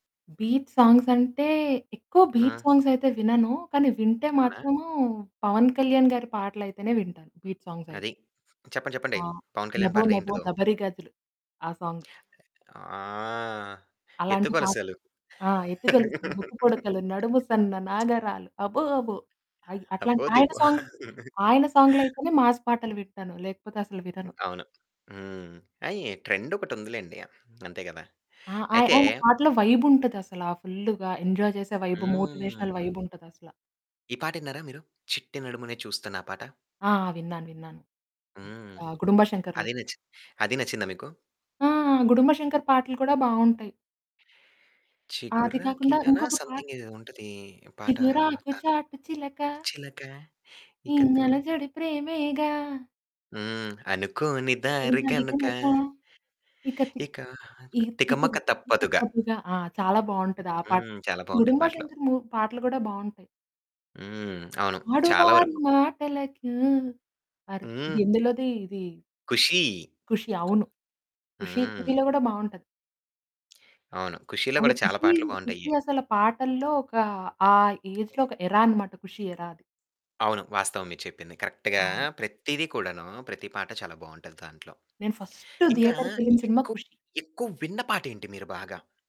Beat songs అంటే, ఎక్కువ beat ఆ! సాంగ్స్ అయితే వినను. కానీ వింటే అవునా? మాత్రము 'పవన్ కళ్యాణ్' గారి పాటలు అయితేనే వింటాను, బీట్ సాంగ్స్ అయితే. అది. చెప్పండి. ఆ! చెప్పండి. 'పవన్ కళ్యాణ్' 'లబో లబో పాటలేంటిదో. లబరి గాజులు' ఆ సాంగ్. ఆ! అలాంటి పా ఎత్తుకొలసలు. ఆ! ఎత్తుగొలుసులు ముక్కు పుడకలు, నడుము సన్న నాగరాలు అబ్బో అబ్బో! అయి, అట్లాంటి అబో ఆయన దిబో! సాంగ్ ఆయన సాంగ్‌లయితేనే మాస్ పాటలు వింటాను. లేకపోతే అసలు వినను. అవును. హ్మ్. ఆ! ఈ ట్రెండ్ ఒకటుందిలెండి. అంతే గదా? ఆ! ఆయ్ అయితే ఆయన పాటలో వైబ్ ఉంటది అసల ఫుల్లుగా. ఎంజాయ్ చేసే వైబ్ మోటివేషనల్ వైబ్ హ్మ్. ఉంటది అసల. ఈ పాటిన్నారా మీరు చిట్టి నడుమునే చూస్తున్నా పాట? ఆ! విన్నాను. విన్నాను. హ్మ్. ఆహ్, గుడుంబా అదీ శంకర్‌లోది. నచ్చి అదీ నచ్చిందా మీకు? ఆ! 'గుడుంబా శంకర్' పాటలు కూడా బావుంటాయి. ఆది కాకుండా చిగురాకిలానా ఇంకొక పాట్ సంథింగ్ ఏదో ఉంటది పాట చిగురాకు దాంట్లో. చాటు చిలక... చిలక ఈ ఇక తొలక అలజడి ప్రేమేగా... హ్మ్. అనుకోని దారి పూజారి గనుక... కనక ఇక తిక్ ఇక ఈ తికమక తిప్పలు తప్పదుగా! తప్పదుగా! ఆ! చాలా బాగుంటది ఆ పాట హ్మ్. కూడా. చాలా బావుంటాయి గుడుంబా పాటలు. శంకర్ మూ పాటలు గూడా బావుంటాయి. హ్మ్. అవును. చాలా ఆడువారి వరకు. మాటలకు అర్ హ్మ్. ఎందులోది ఇది? 'ఖుషి' ఖుషి అవును. ఖుషి హ్మ్. ఖుషిలో గూడా బావుంటది. అవును. ఖుషిలో అసల గూడా చాలా ఖుషి పాటలు ఈస్ బావుంటాయి. 'ఖుషి' అసలు పాటల్లో ఒక ఆ ఏజ్‌లో ఒక ఎరా అన్నమాట. ఖుషి ఎరా అది. అవును. వాస్తవం మీరు చెప్పింది. కరెక్ట్‌గా అవును. ప్రతీది కూడాను ప్రతి పాట చాలా బావుంటది దాంట్లో. నేను ఫస్ట్ ఇంకా ధియేటర్‌కెళ్ళిన సినిమా ఎక్కువ 'ఖుషి'. ఎక్కువ విన్న పాటేంటి మీరు బాగా?